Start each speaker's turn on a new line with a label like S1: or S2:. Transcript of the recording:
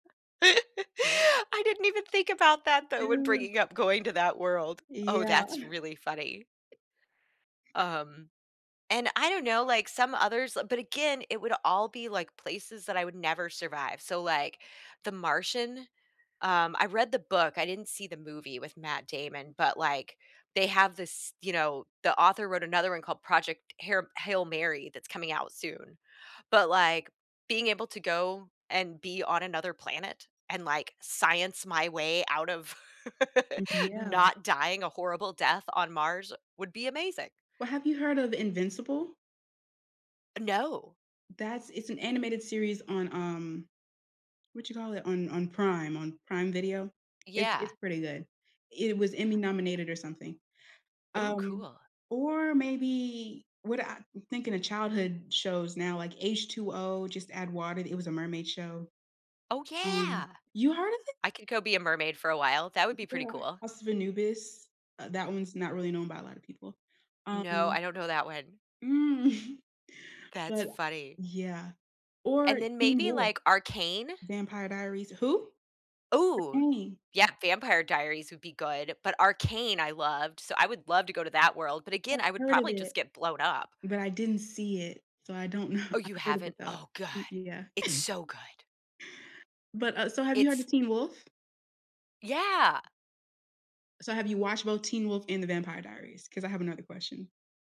S1: I didn't even think about that though when
S2: Dude.
S1: bringing up going to that world. Oh,
S2: Yeah.
S1: that's really funny. Um, and I don't know, like some others uh, but again, it would all be, like, places that I would never survive, so, like, The Martian, um, I read the book, I didn't see the movie with Matt Damon, but, like, they have this you know, the author wrote another one called Project Hair Hail Mary that's coming out soon. But, like, being able to go and be on another planet and, like, science my way out of
S2: M yeah.
S1: not dying a horrible death on Mars would be amazing.
S2: Well, have you heard of Invincible?
S1: No.
S2: That's it's an animated series on, um, what you call it? On on Prime on Prime Video. It's
S1: Yeah.
S2: it's pretty good. It was Emmy nominated or something,
S1: Ooh,
S2: um,
S1: cool.
S2: or maybe what I'm thinking of childhood shows now like H2O: Just Add Water, th it was a mermaid show,
S1: Oh,
S2: um
S1: yeah.
S2: you heard of it?
S1: I could go be a mermaid for a while, that would be pretty
S2: Yeah,
S1: cool.
S2: House of Anubis, uh, that one's not really known by a lotta people,
S1: No,
S2: um
S1: I don't know that one.
S2: Mm,
S1: That's
S2: but
S1: funny.
S2: yeah, or
S1: And then
S2: Teen
S1: maybe
S2: Wolf.
S1: like Arcane?
S2: Vampire Diaries Who?
S1: Ooh,
S2: Arcane
S1: yeah, Vampire Diaries would be good, but Arcane I loved, so I would love to go to that world but again,
S2: I've
S1: I would
S2: heard of
S1: probably just
S2: it.
S1: get blown up.
S2: But I didn't see it, so I don't know,
S1: Oh,
S2: I've
S1: you
S2: heard of it
S1: haven't?
S2: though,
S1: Oh, god,
S2: e yeah.
S1: it's so good.
S2: But, uh, so have you heard of
S1: It's
S2: Teen Wolf?
S1: Yeah.
S2: So have you watched both Teen Wolf and The Vampire Diaries? 'Cause I have another question.